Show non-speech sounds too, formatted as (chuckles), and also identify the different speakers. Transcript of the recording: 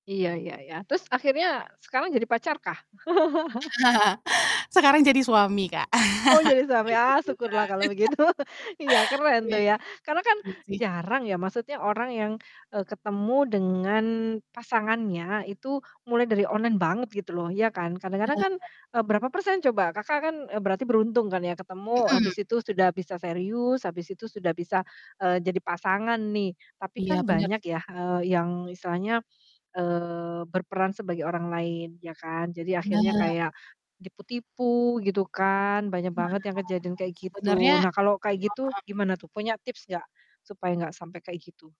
Speaker 1: Iya iya iya. Terus akhirnya sekarang jadi pacar kah? (laughs)
Speaker 2: (chuckles) Sekarang jadi suami, Kak.
Speaker 1: Oh,
Speaker 2: (chuckles)
Speaker 1: jadi suami,
Speaker 2: Kebetulan.
Speaker 1: ah, syukurlah kalau
Speaker 2: (laughs)
Speaker 1: begitu. (chuckles) Iya, keren tuh
Speaker 2: Oke.
Speaker 1: ya. Karena kan
Speaker 2: Iya sih.
Speaker 1: jarang ya, maksudnya orang yang, eee, ketemu dengan pasangannya itu mulai dari online banget gitu loh, iya kan. Kadang-kadang kan,
Speaker 2: Berharap?
Speaker 1: eee, berapa persen coba, Kakak kan, eee, berarti beruntung kan ya ketemu,
Speaker 2: Mhm.
Speaker 1: habis itu sudah bisa serius, habis itu sudah bisa, eee, jadi pasangan nih. Tapi
Speaker 2: Iya,
Speaker 1: kan
Speaker 2: bener
Speaker 1: banyak
Speaker 2: sih.
Speaker 1: yah, eee, yang istilahnya, eee, berperan sebagai orang lain, iya kan. Jadi akhirnya
Speaker 2: Bener.
Speaker 1: kayak tipu-tipu gitu kan, banyak
Speaker 2: Nah,
Speaker 1: banget yang kejadian kayak
Speaker 2: sebenernya
Speaker 1: gitu. Nah, kalau
Speaker 2: itu
Speaker 1: kayak
Speaker 2: mhm.
Speaker 1: gitu gimana tuh, punya tips nggak supaya nggak sampai kayak gitu?